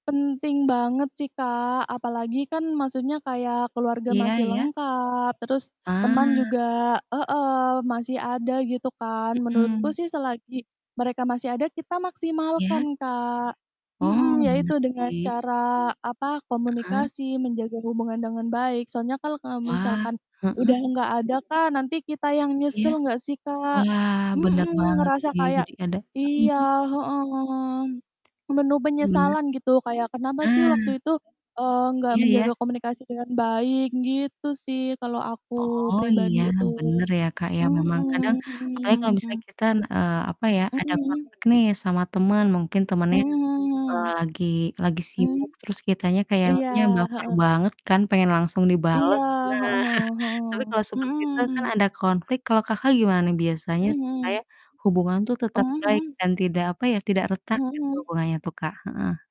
Penting banget sih, Kak. Apalagi kan maksudnya kayak keluarga Iya masih iya. lengkap terus teman Ah. juga heeh, masih ada gitu kan. Menurutku Mhm. sih selagi mereka masih ada kita Iya. maksimalkan, Kak. Mhm, Oh, ya bener itu dengan sih. cara apa, Heeh. komunikasi, menjaga hubungan dengan baik. Soalnya kalau, eee, Wah, misalkan heeh. udah enggak ada, Kak, nanti kita yang Iya. nyesel enggak sih, Kak? Wah, bener Mhm, banget ngerasa sih, kayak jadi ada mhm iya, mhm. heeh, penuh Gimana? penyesalan gitu kayak, "Kenapa sih Ah. waktu itu, eee, enggak Iya, ya. menjaga komunikasi dengan baik?" Gitu sih kalau aku Oh, iya pribadi itu. bener ya, Kak, ya. Memang kadang Mhm. apalagi kalau misalnya kita, eee, apa ya, Mhm mhm, ada konflik nih sama teman mungkin temannya, eee, hmm. lagi lagi Mmm. sibuk terus kitanya Iya, kayaknya baper heeh. banget kan pengen langsung Iya, dibales. Nah, heeh heeh tapi heeh. kalau seperti itu kan Mhm. ada konflik, kalau Kakak gimana nih biasanya Mmm, supaya hmm. hubungan tuh tetap Mmm, baik mhm. dan tidak apa ya, tidak retak Mhm gitu mhm. hubungannya tuh, Kak? Heeh